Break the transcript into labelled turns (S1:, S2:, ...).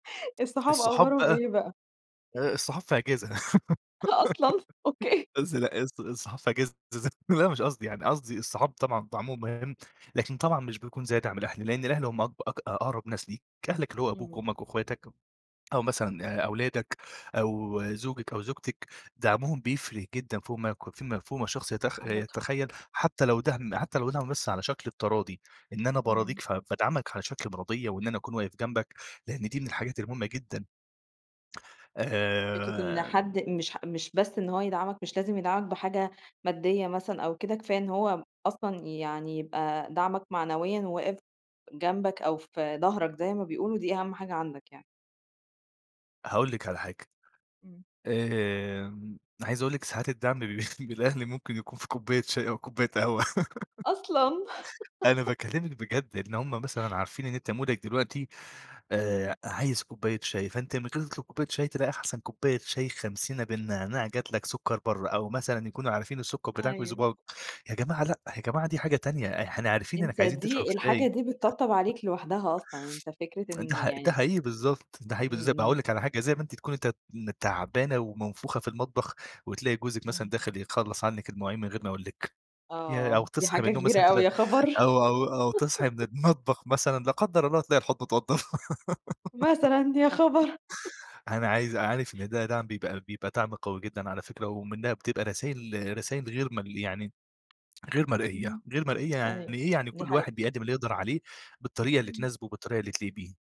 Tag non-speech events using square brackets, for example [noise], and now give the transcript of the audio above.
S1: [chuckles] الصحاب
S2: الصحاب
S1: اخبارهم
S2: بقى
S1: إيه بقى؟
S2: آآ الصحاب في إجازة [laughs]
S1: أصلًا! أوكي.
S2: [unintelligible] الص الصحاب في إجازة از لأ مش قصدي يعني، قصدي الصحاب طبعًا دعمهم مهم، لكن طبعًا مش بيكون زي دعم الأهل، لأن الأهل هم أق أق أقرب ناس ليك، أهلك اللي هو أبوك
S1: إمم.
S2: أمك وأخواتك أو مثلًا آآ، أولادك أو زوجِك أو زوجتِك دعمهم بيفرق جدًا فوق ما [unintelligible] فوق ما الشخص يتخ
S1: عندك حق.
S2: يتخيل حتى لو دعم حتى لو دعم بس على شكل التراضي، إن أنا باراضيك،
S1: إمم.
S2: فبادعمك على شكل مراضية وإن أنا أكون واقف جنبك لأن دي من الحاجات المهمة جدًا.
S1: فكرة إن
S2: آآ
S1: حد مش مش بس إن هو يدعمك، مش لازم يدعمك بحاجة مادية مثلًا أو كده كفاية إن هو أصلًا يعني يبقى دعمك معنويًا، وواقف جنبك أو في ضهرك زي ما بيقولوا، دي أهم حاجة عندك يعني.
S2: هاقول لِك على حاجة
S1: إمم.
S2: آآ، عايز أقول لِك ساعات الدعم من من الأهل ممكن يكون في كوباية شاي أو كوباية قهوة.
S1: أصلًا!
S2: [laughs] أنا
S1: [laughs]
S2: باكلمِك بجد، إن هُم مثلًا عارفين إن أنت مودك دلوقتي آآ،
S1: إمم.
S2: عايز كوباية شاي فأنت من غير ما تطلب كوباية شاي تلاقي أحسن كبواية شاي خمسينة بالنعناع جات لك سكر برّه، أو مثلًا يكونوا عارفين السكر بتاعك
S1: أيوه.
S2: ويضب يا جماعة لأ، يا جماعة دي حاجة تانية، إحنا عارفين إنك
S1: أنت
S2: عايزين تشرب
S1: دي الحاجة
S2: شاي.
S1: دي بتطبطب عليك لوحدها أصلًا، أنت فكرة
S2: [chuckles] ده
S1: إن
S2: ح ده
S1: يعني
S2: حقيقي بالضبط، ده حقيقي
S1: إمم،
S2: بالض طب
S1: إمم.
S2: هاقول لِك على حاجة زي ما أنتِ تكوني ت تعبانة ومنفوخة في المطبخ، وتلاقي جوزِك مثلًا
S1: إمم.
S2: داخل يخلّص عنِك المواعين من غير ما يقول لِك، ياه! أو
S1: آه، دي
S2: تصحي من
S1: حاجة
S2: النوم
S1: كبيرة
S2: مثلًا
S1: أوي،
S2: تلاقي
S1: يا خبر! [laughs]
S2: أو أو أو تصحي من المطبخ مثلًا لا قدّر الله تلاقي الحوض متوضب. [laughs]
S1: مثلًا يا خبر! [chuckles]
S2: أنا عايز عارف إن ده دعم بيبقى بيبقى دعم قوي جدًا على فكرة، ومنها بتبقى رسايل رسايل غير م يعني غير مرئية،
S1: إمم،
S2: غير مرئية
S1: أيوه،
S2: يعني إيه؟ يعني
S1: دي
S2: كل
S1: حقيقة.
S2: واحد بيقدم اللي يقدر عليه بالطريقة اللي
S1: إمم.
S2: تناسبه وبالطريقة اللي تليق بيه.